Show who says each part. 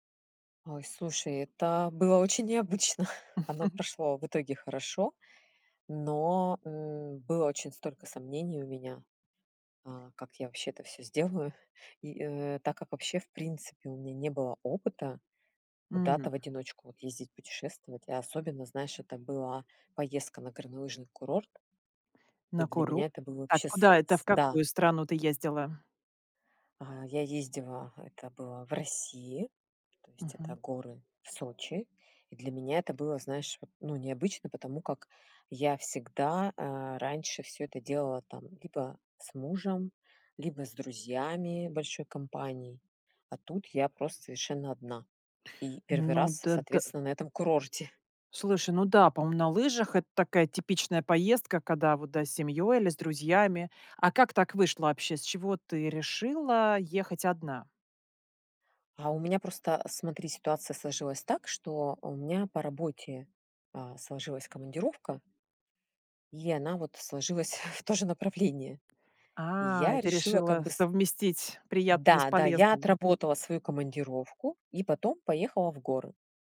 Speaker 1: Ой, слушай, это было очень необычно. Оно прошло в итоге хорошо, но, э, было очень столько сомнений у меня, э, как я вообще это всё сделаю. И, э, так как вообще, в принципе, у меня не было опыта куда-то
Speaker 2: Мгм.
Speaker 1: в одиночку вот ездить путешествовать, а особенно, знаешь, это была поездка на горнолыжный курорт, и
Speaker 2: На
Speaker 1: для
Speaker 2: курорт.
Speaker 1: меня это было
Speaker 2: А
Speaker 1: вообще с
Speaker 2: куда это это в
Speaker 1: с да.
Speaker 2: какую страну ты ездила?
Speaker 1: А, я ездила, это было в России, то есть это
Speaker 2: Мгм.
Speaker 1: горы в Сочи. И для меня это было, знаешь вот, ну, необычно, потому как я всегда, э, раньше всё это делала там либо с мужем, либо с друзьями большой компанией, а тут я просто совершенно одна. И первый
Speaker 2: Ну,
Speaker 1: раз,
Speaker 2: т ты
Speaker 1: соответственно, на этом курорте.
Speaker 2: Слушай, ну да, по-моему, на лыжах это такая типичная поездка, когда вот, да, с семьёй или с друзьями. А как так вышло вообще? С чего ты решила ехать одна?
Speaker 1: А у меня просто, э, смотри, ситуация сложилась так, что у меня по работе, а, сложилась командировка. И она, вот, сложилась в то же направление. И
Speaker 2: А, и
Speaker 1: я
Speaker 2: ты
Speaker 1: решила, как
Speaker 2: решила
Speaker 1: бы, с
Speaker 2: совместить приятное с
Speaker 1: Да да, я
Speaker 2: полезным.
Speaker 1: отработала свою командировку и потом поехала в горы.